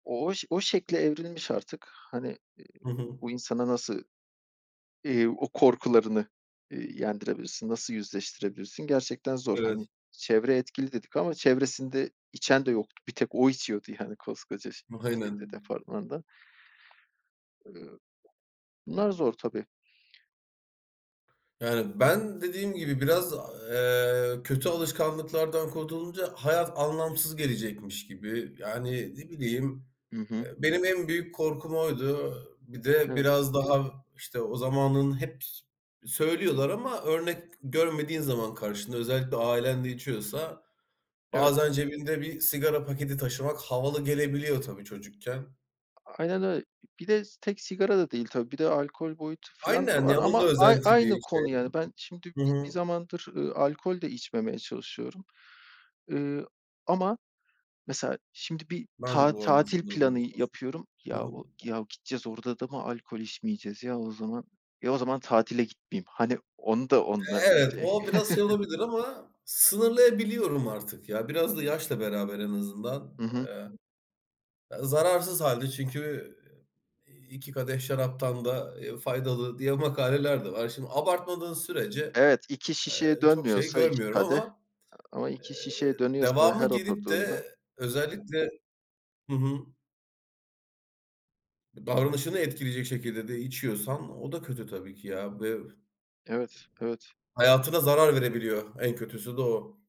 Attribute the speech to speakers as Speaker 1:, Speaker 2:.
Speaker 1: O ş o şekle evrilmiş artık. Hani, eee,
Speaker 2: Hı hı.
Speaker 1: bu insana nasıl, eee, o korkularını, eee, yendirebilirsin, nasıl yüzleştirebilirsin? Gerçekten zor.
Speaker 2: Evet.
Speaker 1: Hani, çevre etkili dedik ama çevresinde içen de yoktu. Bir tek o içiyordu, yani, koskoca şey şeyde,
Speaker 2: Aynen.
Speaker 1: departmanda. Eee, bunlar zor, tabii.
Speaker 2: Yani, ben dediğim gibi biraz, eee, kötü alışkanlıklardan kurtulunca, hayat anlamsız gelecekmiş gibi. Yani, ne bileyim,
Speaker 1: Hı hı.
Speaker 2: eee, benim en büyük korkum oydu. Bir de
Speaker 1: Evet.
Speaker 2: biraz daha işte, o zamanın hep s söylüyorlar ama örnek görmediğin zaman karşında; özellikle ailen de içiyorsa,
Speaker 1: Evet.
Speaker 2: bazen cebinde bir sigara paketi taşımak, havalı gelebiliyor, tabii çocukken.
Speaker 1: Aynen öy Bir de tek sigara da değil tabii, bir de alkol boyutu filan da
Speaker 2: Aynen
Speaker 1: var.
Speaker 2: ya, onun da
Speaker 1: Ama ay aynı
Speaker 2: özentiliği şey.
Speaker 1: konu yani. Ben şimdi
Speaker 2: Hı
Speaker 1: bi
Speaker 2: hı.
Speaker 1: bir zamandır, eee, alkol de içmemeye çalışıyorum. Eee, ama mesela, şimdi bir
Speaker 2: Ben de,
Speaker 1: ta
Speaker 2: bu arada
Speaker 1: tatil planı
Speaker 2: sınırlamaya çalışıyorum.
Speaker 1: yapıyorum;
Speaker 2: Hı
Speaker 1: "Yahu,
Speaker 2: hı.
Speaker 1: ya gideceğiz orada da mı alkol içmeyeceğiz? Ya o zaman ya o zaman tatile gitmeyeyim." Hani, onu da
Speaker 2: Eee,
Speaker 1: onunla [unintelligible]
Speaker 2: evet. O biraz şey olabilir ama, sınırlayabiliyorum artık ya. Biraz da yaşla beraber en azından
Speaker 1: Hı hı.
Speaker 2: [unintelligible] Zararsız hâlde çünkü; iii, 2 kadeh şaraptan da faydalı diye, makaleler de var. Şimdi abartmadığın sürece,
Speaker 1: Evet, 2 şişeye
Speaker 2: eee, çok şey
Speaker 1: dönmüyorsa 2
Speaker 2: görmüyorum
Speaker 1: kadeh.
Speaker 2: ama,
Speaker 1: Ama
Speaker 2: eee,
Speaker 1: 2 şişeye dönüyorsa ve her
Speaker 2: devamı gelip
Speaker 1: oturduğunda
Speaker 2: de, özellikle Hı hı. Davranışını etkileyecek şekilde de içiyorsan, o da kötü tabii ki, ya ve
Speaker 1: Evet, evet.
Speaker 2: hayatına zarar verebiliyor. En kötüsü de, o.